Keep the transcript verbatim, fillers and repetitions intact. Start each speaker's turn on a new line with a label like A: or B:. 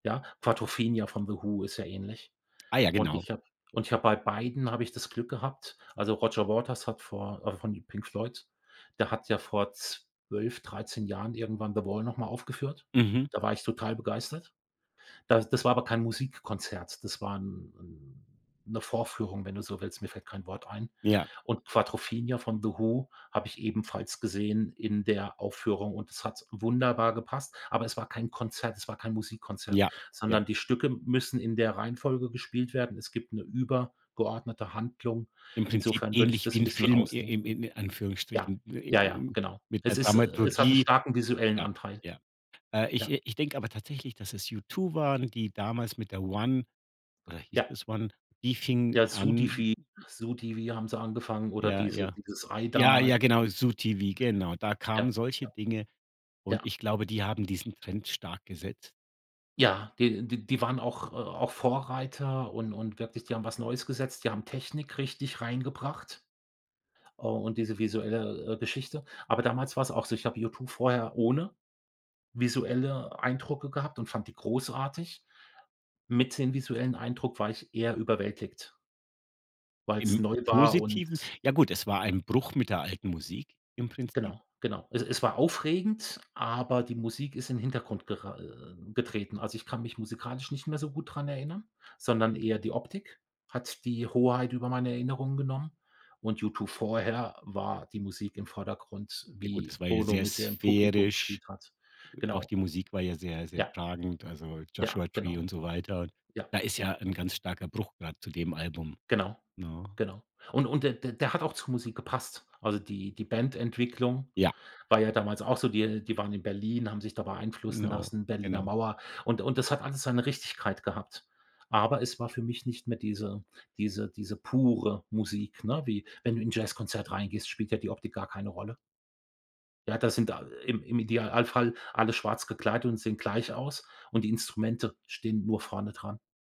A: Ja. Quadrophenia von The Who ist ja ähnlich.
B: Ah ja,
A: Und
B: genau.
A: ich habe und ich habe bei beiden habe ich das Glück gehabt also Roger Waters hat vor also von Pink Floyd, der hat ja vor zwölf, dreizehn Jahren irgendwann The Wall noch mal aufgeführt.
B: Mhm.
A: Da war ich total begeistert. Da das war aber kein Musikkonzert. Das war 'n 'n 'ne Vorführung, wenn du so willst. Mir fällt kein Wort ein.
B: Ja.
A: Und Quadrophenia von The Who habe ich ebenfalls gesehen in der Aufführung und es hat wunderbar gepasst. Aber es war kein Konzert es war kein Musikkonzert,
B: Ja, ja.
A: sondern die Stücke müssen in der Reihenfolge gespielt werden. Es gibt 'ne übergeordnete Handlung.
B: Im Prinzip
A: Insofern würde ich
B: ähnlich
A: das
B: wie
A: 'n
B: 'n
A: bisschen
B: Film
A: rausnehmen.
B: in im in
A: Ja.
B: Anführungsstrichen
A: Ja,
B: wie
A: ja,
B: um
A: genau.
B: mit
A: Es
B: der
A: ist äh, es hat 'nen
B: Dramaturgie
A: starken visuellen
B: Ja,
A: Anteil.
B: ja. Äh, ich
A: Ja.
B: äh, ich denke aber tatsächlich, dass es U2 waren, die damals mit der One oder hieß
A: Ja.
B: das One? Die fing
A: Ja,
B: an
A: Sudifi Zoo TV, haben sie angefangen oder
B: Ja,
A: diese
B: ja.
A: dieses Ei
B: Ja,
A: damals.
B: ja genau, Zoo TV, genau. Da
A: Ja.
B: kamen solche
A: Ja.
B: Dinge und
A: Ja.
B: ich glaube, die haben diesen Trend stark gesetzt.
A: Ja, d d die waren auch auch Vorreiter und und wirklich die haben was Neues gesetzt. Die haben Technik richtig reingebracht. Oh und diese visuelle, äh, Geschichte. Aber damals war's auch so, ich habe U2 vorher ohne visuelle Eindrücke gehabt und fand die großartig. Mit dem visuellen Eindruck war ich eher überwältigt. Weil's
B: Im
A: neu war und
B: Positiven? Ja gut, es war ein Bruch mit der alten Musik im Prinzip.
A: Genau, genau. Es es war aufregend, aber die Musik ist in Hintergrund gera äh, getreten. Also ich kann mich musikalisch nicht mehr so gut daran erinnern, sondern eher die Optik hat die Hoheit über meine Erinnerungen genommen und U2 vorher war die Musik im Vordergrund,
B: Ja gut,
A: wie
B: das war ja
A: Bono
B: sehr
A: mit dem Publikum
B: sphärisch.
A: gespielt hat.
B: Äh, auch
A: Genau.
B: die Musik war ja sehr, sehr
A: Ja.
B: tragend, also
A: Ja,
B: Joshua Tree
A: genau.
B: und so weiter.
A: Ja,
B: Da ist
A: ja.
B: ja 'n ganz starker Bruch, grade zu dem Album,
A: Genau,
B: ne?
A: genau. Und und d d der hat auch zur Musik gepasst. Also die die Bandentwicklung
B: Ja.
A: war ja damals auch so. Die äh, die waren in Berlin, haben sich da beeinflussen
B: Genau.
A: lassen, Berliner
B: Genau.
A: Mauer. Und und das hat alles seine Richtigkeit gehabt. Aber es war für mich nicht mehr diese diese diese pure Musik, ne? Wie wenn du in 'n Jazzkonzert reingehst, spielt ja die Optik gar keine Rolle. Ja, da sind, äh, im im Idealfall alle schwarz gekleidet und sehen gleich aus und die Instrumente stehen nur vorne dran.